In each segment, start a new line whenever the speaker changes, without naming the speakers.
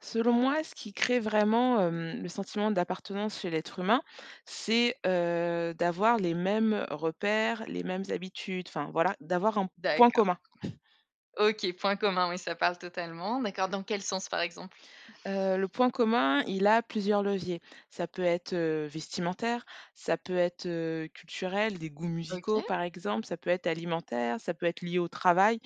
Selon moi, ce qui crée vraiment, hem, le sentiment d'appartenance chez l'être humain. C'est, heu, d'avoir les mêmes repères, les mêmes habitudes, enfin voilà. D'avoir un point
D'accord.
commun.
OK, point commun oui ça parle totalement, d'accord dans quel sens par exemple?
Heu, le point commun, il a plusieurs leviers. Ça peut être, heu, vestimentaire. Ça peut être, heu, culturel, des goûts musicaux
OK.
par exemple, ça peut être alimentaire, ça peut être lié au travail.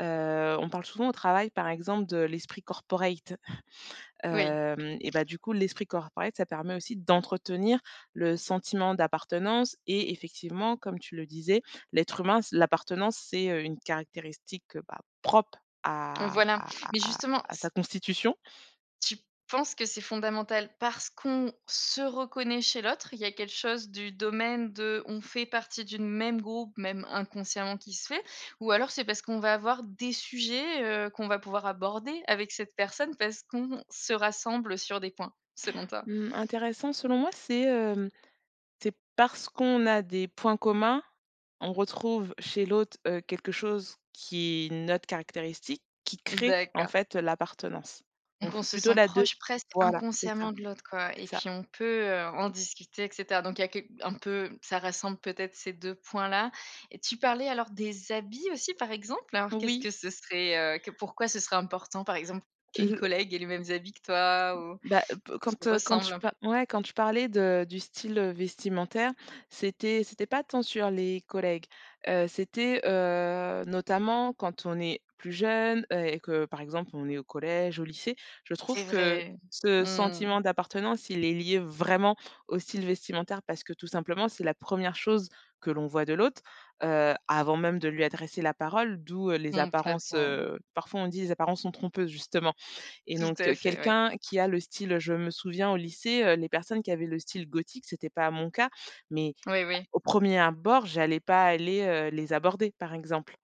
Heu, on parle souvent au travail par exemple de l'esprit corporate.
Oui.
Hem, et bah du coup l'esprit corporate ça permet aussi d'entretenir le sentiment d'appartenance et effectivement comme tu le disais: «L'être humain, c l'appartenance c'est, heu, une caractéristique, heu, bah, propre
Heu,
à
voilà,
à
mais
à à
justement
à
s
sa constitution».
Tu penses que c'est fondamental parce qu'on se reconnaît chez l'autre? Il y a quelque chose du domaine de, on fait partie d'une même groupe même inconsciemment qui se fait, ou alors c'est parce qu'on va avoir des sujets, heu, qu'on va pouvoir aborder avec cette personne parce qu'on se rassemble sur des points selon toi?
Mmh, intéressant selon moi c'est, hem, c'est parce qu'on a des points communs. On retrouve chez l'autre, heu, quelque chose qui est notre caractéristique, qui crée en
D'accord.
fait, heu, l'appartenance,
Donc on
donc
se
plutôt
sent
la 2,
proche presque
voilà c'est ça,
inconsciemment de l'autre quoi,
c'est
et puis
ça.
on peut, heu, en discuter et cetera, donc il y a quelque un peu ça rassemble peut-être ces 2 points là, et tu parlais alors des habits aussi par exemple. Alors qu'est-ce
Oui.
que ce serait, heu que pourquoi ce serait important par exemple qu'une
Le
collègue ait les mêmes habits que toi ou
Bah, heu, pe quand,
qu'ils
heu, quand tu
ressemblent un peu?
pa ouais quand tu parlais de du style, heu, vestimentaire. C'était c'était pas tant sur les collègues. Heu, c'était, heu, notamment quand on est plus jeune, heu, et que par exemple on est au collège, au lycée, je trouve
C'est
que
vrai,
ce
mmh.
sentiment d'appartenance, il est lié vraiment au style vestimentaire parce que tout simplement c'est la 1re chose que l'on voit de l'autre. Heu, avant même de lui adresser la parole, d'où, heu, les apparences,
Complètement.
heu, parfois on dit: «les apparences sont trompeuses» justement, et
Tout
donc
à
heu,
fait, ouais.
quelqu'un qui a le style heu, je me souviens au lycée, heu, les personnes qui avaient le style gothique, c'était pas mon cas, mais
Oui, oui.
au 1er abord, j'allais pas aller, heu, les aborder par exemple.